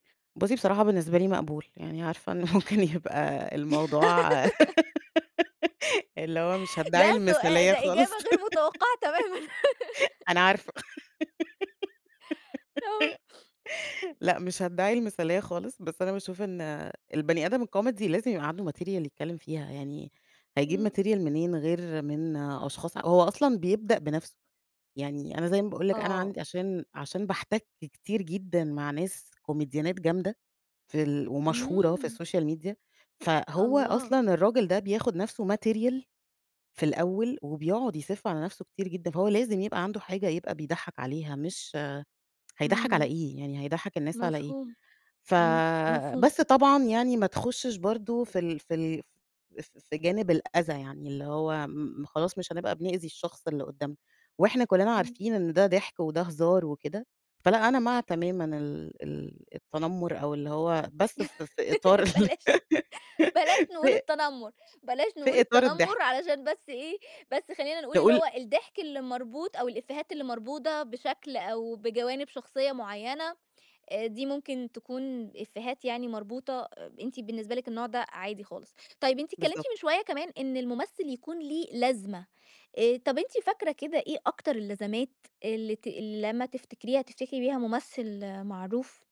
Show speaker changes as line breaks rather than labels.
بُصي بصراحة بالنسبة لي مقبول، يعني عارفة إن ممكن يبقى الموضوع اللي هو مش هادّعي
ده سؤا
المثالية
ده
خالص.
إجابة غير متوقعة تمامًا.
أنا عارفة.
آه.
لأ مش هادّعي المثاليّة خالص، بس أنا باشوف إن البني آدم الكوميدي لازم يبقى عنده material يتكلّم فيها، يعني هيجيب
امم.
material منين غير من أشخاص هو أصلًا بيبدأ بنَفسه، يعني أنا زي ما باقول لِك أنا
آه.
عند عشان عشان باحتك كتير جدًا مع ناس كوميديانات جامدة، في ال ومشهورة في
امم.
الSocial Media، فهو
الله!
أصلًا الراجل ده بياخد نَفسه material، في الأوّل وبيقعد يسِف على نَفسه كتير جدًا، فهو لازم يبقى عنده حاجة يبقى بيضحّك عليها، مش هيضحّك على
امم.
إيه، يعني هيضحك الناس على إيه؟
مفهوم،
ف
امم، مفهوم.
بس طبعًا يعني ما تخشش برضو في ال في ال ف ف في جانب الأذى، يعني اللي هو م خلاص مش هنبقى بنؤذي الشخص اللي قدامنا، وإحنا كلنا
امم.
عارفين إن ده ضحك وده هزار وكده، فلأ أنا مع تمامًا ال ال التنمّر أو اللي هو بس في في إطار ال
بلاش بلاش نقول
في
التنمّر، بلاش نقول
في إطار
التنمّر
الضحك.
علشان بس إيه بس خلّينا نقول اللي
نقول
هو الضحك اللي مربوط أو الإفيهات اللي مربوطة بشكل، أو بجوانب شخصيّة معيّنة، آآ، دي ممكن تكون إفيهات يعني مربوطة، أنتِ بالنسبة لِك النوع ده عادي خالص، طيّب أنتِ اتكلمتِ
بالضبط.
من شويّة كمان إن الممثّل يكون ليه لازمة، آآ، طَب أنتِ فاكرة كده إيه أكتر اللزمات، اللي ت اللي لمّا تفتكريها تفتكري بيها ممثّل معروف؟